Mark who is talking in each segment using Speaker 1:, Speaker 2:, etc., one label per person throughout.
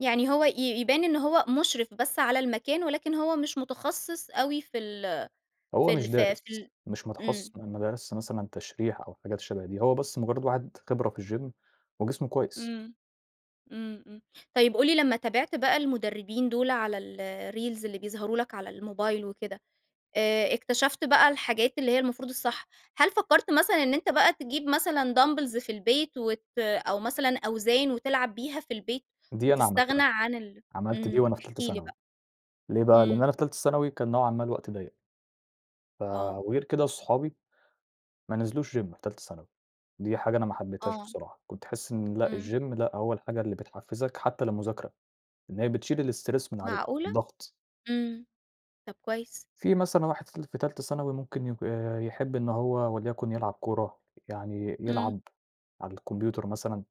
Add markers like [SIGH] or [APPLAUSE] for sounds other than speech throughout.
Speaker 1: يعني هو ي يبان إن هو مشرف بس على المكان، ولكن هو مش متخصص أوي في ال
Speaker 2: هو
Speaker 1: في ال
Speaker 2: مش
Speaker 1: ف في
Speaker 2: دارس،
Speaker 1: ال
Speaker 2: مش متخصص
Speaker 1: امم.
Speaker 2: م ما درسش مثلًا تشريح أو حاجات شَبه دي، هو بس مجرد واحد خبرة في الgym وجسمه كويس.
Speaker 1: امم، امم، امم. طيب قُل لي لما تابعت بقى المدربين دول على الreels اللي بيظهروا لَك على الموبايل وكده، آآ اكتشفت بقى الحاجات اللي هي المفروض الصح. هل فكرت مثلًا إن أنتَ بقى تجيب مثلًا دامبلز في البيت وت أو مثلًا أوزان وتلعب بيها في البيت؟
Speaker 2: دي أنا
Speaker 1: وتستغنى
Speaker 2: عملتها،
Speaker 1: عن ال
Speaker 2: عملت دي
Speaker 1: امم،
Speaker 2: وأنا في
Speaker 1: احكِ
Speaker 2: تالتة
Speaker 1: لي
Speaker 2: ثانوي.
Speaker 1: بقى.
Speaker 2: ليه بقى، لأن
Speaker 1: امم.
Speaker 2: أنا في تالتة ثانوي كان نوعًا ما الوقت ضيّق. ف
Speaker 1: آه.
Speaker 2: وغير كده صحابي، ما نزلوش gym في تالتة ثانوي، دي حاجة أنا ما حبيتهاش
Speaker 1: آه.
Speaker 2: بصراحة، كنت تحس إن لأ،
Speaker 1: امم.
Speaker 2: الgym لأ، هو الحاجة اللي بتحفزك حتى للمذاكرة، إن هي بتشيل الstress من عليك،
Speaker 1: معقولة؟!
Speaker 2: الضغط.
Speaker 1: امم، طب كويس.
Speaker 2: في مثلًا واحد في ال في تالتة ثانوي ممكن يك يحب إن هو وليكن يلعب كورة، يعني
Speaker 1: امم.
Speaker 2: يلعب على الكمبيوتر مثلًا.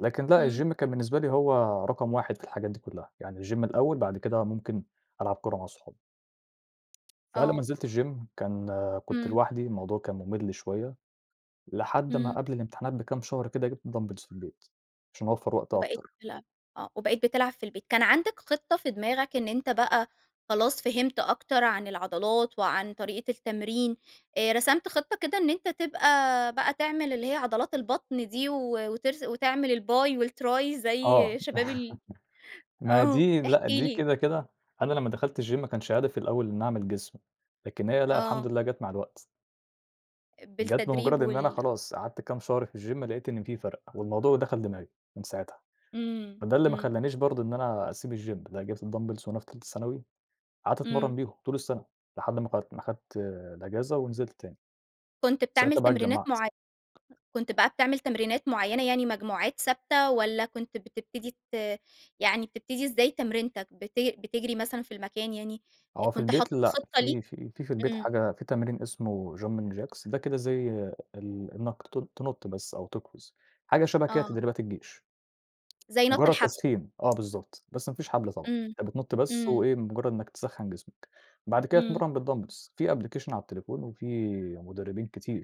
Speaker 2: لكن لأ،
Speaker 1: امم.
Speaker 2: الgym كان بالنسبة لي هو رقم 1 في الحاجات دي كلها، يعني الgym الأوّل بعد كده ممكن ألعب كورة مع صحابي. فأنا لما
Speaker 1: آه.
Speaker 2: نزلت الgym كان كنت
Speaker 1: امم.
Speaker 2: لوحدي، الموضوع كان ممل شويّة. لحد ما
Speaker 1: امم.
Speaker 2: قبل الامتحانات بكام شهر كده، جبت دامبلز في البيت، عشان أوفّر وقت
Speaker 1: وبقيت
Speaker 2: أكتر.
Speaker 1: تلعب آه، وبقيت بتلعب في البيت. كان عندَك خِطة في دماغَك إن أنتَ بقى خلاص فهمت أكتر عن العضلات وعن طريقة التمرين، آآ رسمت خِطة كده إن أنتَ تبقى بقى تعمل اللي هي عضلات البطن دي، و وترس وتعمل الBi و الTri زي
Speaker 2: آه،
Speaker 1: شباب ال
Speaker 2: [LAUGHS] ما
Speaker 1: آه،
Speaker 2: دي
Speaker 1: احكِ
Speaker 2: لأ، دي
Speaker 1: لي.
Speaker 2: كده، كده أنا لما دخلت الgym ما كانش هدفي الأول إني أعمل جسم. لكن هي لأ، الحمد
Speaker 1: آه.
Speaker 2: لله جت مع الوقت. جت
Speaker 1: بالتدريب،
Speaker 2: بمجرد إن أنا
Speaker 1: وال
Speaker 2: خلاص، قعدت كام شهر في الgym لقيت إن في فرق، والموضوع دخل دماغي من ساعتها.
Speaker 1: إمم،
Speaker 2: ما ده اللي ما
Speaker 1: امم.
Speaker 2: خلانيش برضه إن أنا أسيب الgym لأ، جبت الدامبلز وانا في تالتة ثانوي، قعدت
Speaker 1: امم.
Speaker 2: أتمرن بيهم طول السنة، لحد ما قل ما خدت الأجازة ونزلت تاني.
Speaker 1: كنت بتعمل
Speaker 2: ساعتها بقى
Speaker 1: تمرينات
Speaker 2: اتجمعت
Speaker 1: معي كنت بقى بتعمل تمرينات معيَّنة يعني مجموعات ثابتة والّا كنت بتبتدي ت يعني بتبتدي إزاي تمرينتَك، بتج بتجري مثلًا في المكان يعني؟
Speaker 2: آه، في
Speaker 1: كنت
Speaker 2: البيت
Speaker 1: حاطط
Speaker 2: لأ،
Speaker 1: خِطة ليك؟
Speaker 2: في في في في البيت
Speaker 1: امم.
Speaker 2: حاجة في تمرين اسمه Jumping Jacks ده كده زي ال إنّك ت تنط بس أو تقفز، حاجة شَبه كده
Speaker 1: آه.
Speaker 2: تدريبات الجيش.
Speaker 1: زي نط
Speaker 2: مجرد
Speaker 1: الحبل.
Speaker 2: تسخين. آه، بالضبط، بس ما فيش حبل طبعًا.
Speaker 1: امم،
Speaker 2: أنتَ بتنط بس
Speaker 1: امم.
Speaker 2: وإيه، مجرد إنك تسخّن جسمَك، بعد كده
Speaker 1: امم.
Speaker 2: تتمرن بالدامبلز. في application على التليفون، وفي مدربين كتير.